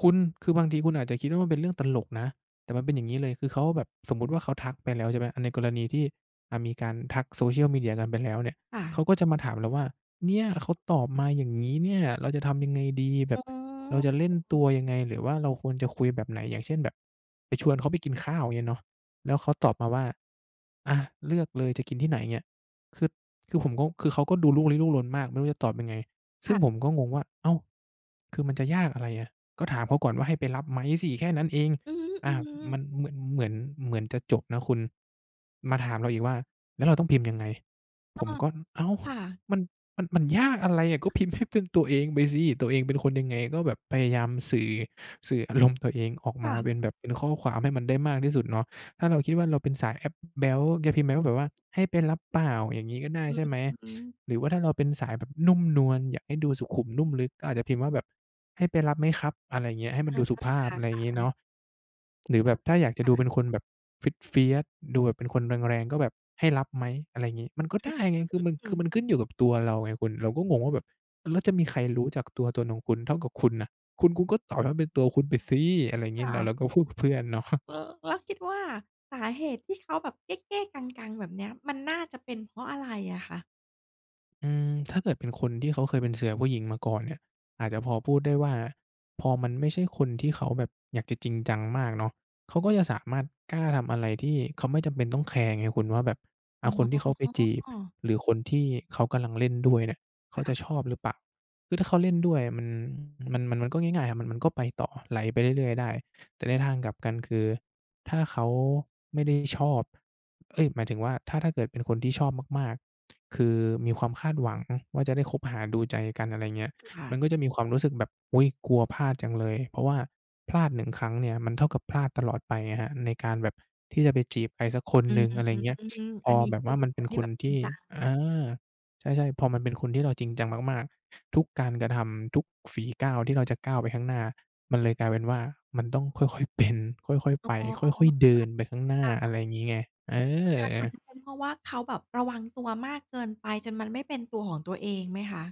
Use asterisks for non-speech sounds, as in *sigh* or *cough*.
คุณ คือบางทีคุณอาจจะคิดว่ามันเป็นเรื่องตลกนะ แต่มันเป็น อย่างงี้เลย คือเขาอะแบบ สมมุติว่าเขาทักไปแล้ว ใช่ไหม ในกรณีที่ อ่า มีการทัก Social Media กันไปแล้วเนี่ย ค่เขะ าก็จะมาถามเราว่า "เนี่ย เขาตอบมาอย่างงี้เนี่ย เราจะทำยังไงดี? แบอ๋บ เราจะเล่นตัอ วยังไง? หรือว่าเราควรจะคุยแบบไหน?" อย่างเช่น แบบไปชวนเขาไปกินข้าว เงี้ยเนาะ แล้วเขาตอบมาว่า "อา เลือกเลยจะกินที่ไหน อย่าเงงี้ย" คือ คือผมก็ คือเขาก็ดูลุกลี้ลุกลนมากไม่รู้จะตอบยังไง ซึค่่งะ ผมก็งงว่า "อ้าว คือมันจะยากอะไรอะ? ก็ถามเขาก่อนว่าให้ไปรับไหมสิ แค่นั้นเอง" อืออา ฮึ มๆ ันเหมือน เหมือน เหมือนจะจบนะคุณ มาถามเราอีกว่า "แล้วเราต้องพิมพ์ยังไง?" ผอ๋อ มก็ อ้าว ค่ะ มัน มัน มันยากอะไรอะ ก็พิมพ์ให้เป็นตัวเองไปสิ ตัวเองเป็นคนยังไงก็แบบพยายามสื่อ สื่ออารมณ์ตัวเองออกคมา่ะ เป็นแบบ เป็นข้อความให้มันได้มากที่สุดเนาะ ถ้าเราคิดว่าเราเป็นสายแอ๊บ แบ๊ว แกพิมพ์ไปว่าแบบว่า "ให้ไปรับเปล่า?" อย่างนี้ก็ได้ ใช่ไหม อืม หรือว่าถ้าเราเป็นสายแบบนุ่มนวล อยากให้ดูสุขุมนุ่มลึกอาจจะพิมพ์ว่าแบบ "ให้ไปรับไหมครับ?" อะไรเงี้ย ให้มอันา ดูสุภาพ ค่ะ อะไรงี้เนาๆ ะ หรือเอแอ บบถ้าอยากจะค่ดูะ เป็นคนแบบ fierce fierce ดูแบบเป็นคนแรง ๆ ก็แบบ "ให้รับไหม?" อะไรงี้ มันก็อืไดอ้ฮึ ไง คือมัน อคืือ อมันขึ้นอยู่กับตัวเราไงคุณ เราก็งงว่าแบบ "แล้วจะมีใครรู้จักตัวตนของคุณเท่ากับคุณน่ะ คุณ คุณก็ตอบให้เป็นตัวคุณไปสิ" อะไรคงี้ ่เรา เะ ราก็พูดกับเพื่อนเนาะ *chuckles* ล แล้วคิดว่าสาเหตุที่เขาแบบเก้ ๆ กัง ๆ แบบเนี้ย มันน่าจะเป็นเพราะอะไรอะคะ? อืม ถ้าเกิดเป็นคนที่เขาเคยเป็นเสือผู้หญิงมาก่อนเนี่ย อาจจะพอพูดได้ว่า พอมันไม่ใช่คนที่เขาแบบอยากจะจริงจังมากเนาะ เขาก็จะสามารถกล้าทำอะไรที่เขาไม่จำเป็นต้องแคร์ไงคุณว่าแบบ ออ๋า คนที่เขาไปจีบ อ หรือคนที่เขากำลังเล่นด้วยเนี่ย เขาคจ่ะชะ อบหรือเปล่า คือถ้าเขาเล่นด้วยอะมัน มัน มัน มันก็ง่าย ๆ มัน มันก็ไปต่อ ไหลไปเรื่อย ๆ ได้ แต่ในทางกลับกันคือถ้าเขาไม่ได้ชอบ เอ๊ย หมายถึงว่า ถ้า ถ้าเกิดเป็นคนที่ชอบมาก ๆ คือมีความคาดหวังว่าจะได้คบหาดูใจกัน อะไรเงี้ย ค่ะ มันก็จะมีความรู้สึกแบบ "อุ๊ย กลัวพลาดจังเลย" เพราะว่าพลาด 1 ครั้งเนี่ย มันเท่ากับพลาดตลอดไปครับ ในการแบบที่จะไปจีบใครสักคนอืหนึม ่ง อะไรเงี้ย พอัอนนี้แบบควื่าอมันเคป็นนทีค่แบนบทจริงี่ จัง อา ใช่ ๆ พอมันเป็นคนที่เราจริงจังมาก ๆ ทุกการกระทำ ทุกฝีก้าวที่เราจะก้าวไปข้างหน้า มันเลยกลายเป็นว่ามันต้องค่อย ๆ เป็น ค่อย อๆ ๋ไอ ป ค่อย ๆ เดินไปข้างหน้า ค่ะ คอะ่ไระ งี้ไง เอถ้างั้นมันอ จะเป็นเพราะว่าเขาแบบระวังตัวมากเกินไปจนมันไม่เป็นตัวของตัวเองไหมคะ?